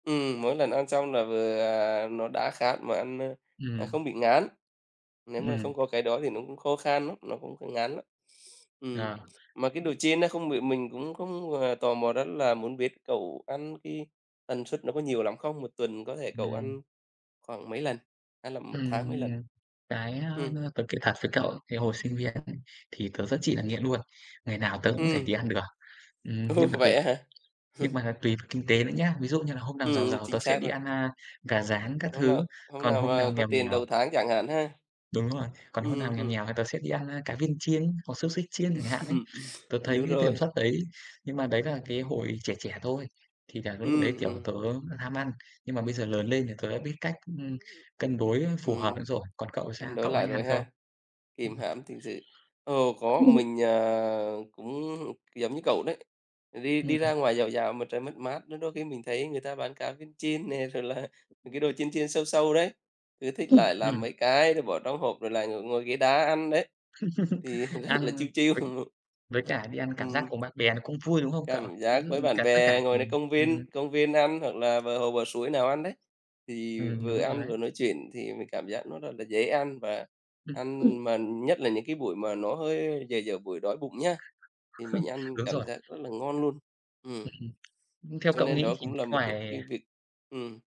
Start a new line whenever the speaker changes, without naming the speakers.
Ừm, mỗi lần ăn xong là vừa, à, à, nó đã khát mà ăn, ơ, à,
Ừm.
không bị ngán. Nếu mà không
Ừm.
có cái đó thì nó cũng khô khan lắm, nó cũng cũng ngán lắm. Ừm,
À.
mà cái đồ chiên đó không bị mình cũng không, à, tò mò rất là muốn biết cậu ăn cái tần suất nó có nhiều lắm không? 1 tuần có thể cậu
Ừm.
ăn khoảng mấy lần, hay là 1
Ừm,
tháng mấy
ừm,
lần?
à, cái, a,
Ừm.
tớ kể thật với cậu, cái hồi sinh viên [unintelligible] thì tớ rất chi là nghiện luôn, ngày nào tớ cũng rẻ đi
Ừm.
ăn được. Ừm,
Ồ,
nhưng mà cái
vậy á hả?
nhưng mà là tùy thuộc kinh tế nữa nhá. Ví dụ như là hôm nào
Ừm,
giàu
ừm,
giàu, tớ
chính
sẽ
xác
đi
rồi.
ăn, a, gà rán các
Hôm
thứ,
nào hôm
còn
nào
hôm
mà
nào
có
nghèo
tiền
nghèo
đầu tháng chẳng hạn ha.
Đúng rồi, còn hôm
Ừm,
nào nghèo
ừm.
nghèo thì tớ sẽ đi ăn, a, cá viên chiên hoặc xúc xích chiên chẳng hạn ấy. Tớ
Ừm,
thấy
đúng
cái tần
rồi.
suất đấy nhưng mà đấy là cái hồi trẻ trẻ thôi, thì là lúc đấy,
Ừm,
kiểu,
ừm.
tớ ham ăn, nhưng mà bây giờ lớn lên thì tớ đã biết cách, ưm, cân đối phù hợp [unintelligible]
Ừm,
rồi. Còn cậu thì sao?
cân đối
Cậu có
lại
hay
rồi
ăn không?
ha,
Ừm
kìm hãm thực sự. Ồ,
hưm.
có,
[unintelligible]
mình, à, cũng giống như cậu đấy, à, đi đi ra
[unintelligible]
ngoài dạo dạo mà trời mát mát, nên đôi khi mình thấy người ta bán cá viên chiên nè rồi là những cái đồ chiên chiên xâu xâu đấy, cứ thích lại
[unintelligible]
làm
Ừm.
mấy cái rồi bỏ trong hộp rồi lại ngồi ngồi ghế đá ăn đấy thì, à, rất là
Ăn
chill chill,
với với cả đi ăn cảm giác
ừm.
cùng bạn bè nó cũng vui, đúng không cậu?
Cảm
Ví
giác
dụ
với
như
bạn
cả tất cả
bè ngồi đây
cùng
công
ừm.
viên công viên ăn hoặc là bờ hồ bờ suối nào ăn đấy thì
Ừm,
vừa
đúng rồi
ăn
đấy.
vừa nói chuyện thì mình cảm giác nó rất là dễ ăn và ăn
Ừm.
mà nhất là những cái buổi mà nó hơi dở dở buổi đói bụng nhá, thì mình
đúng
cảm
rồi.
giác rất là ngon luôn. Ừm.
[unintelligible] Ưm, theo
Cho
cậu
nên
nghĩ
đó
thì
cũng là một cái
ngoài,
cái
à
việc ừm.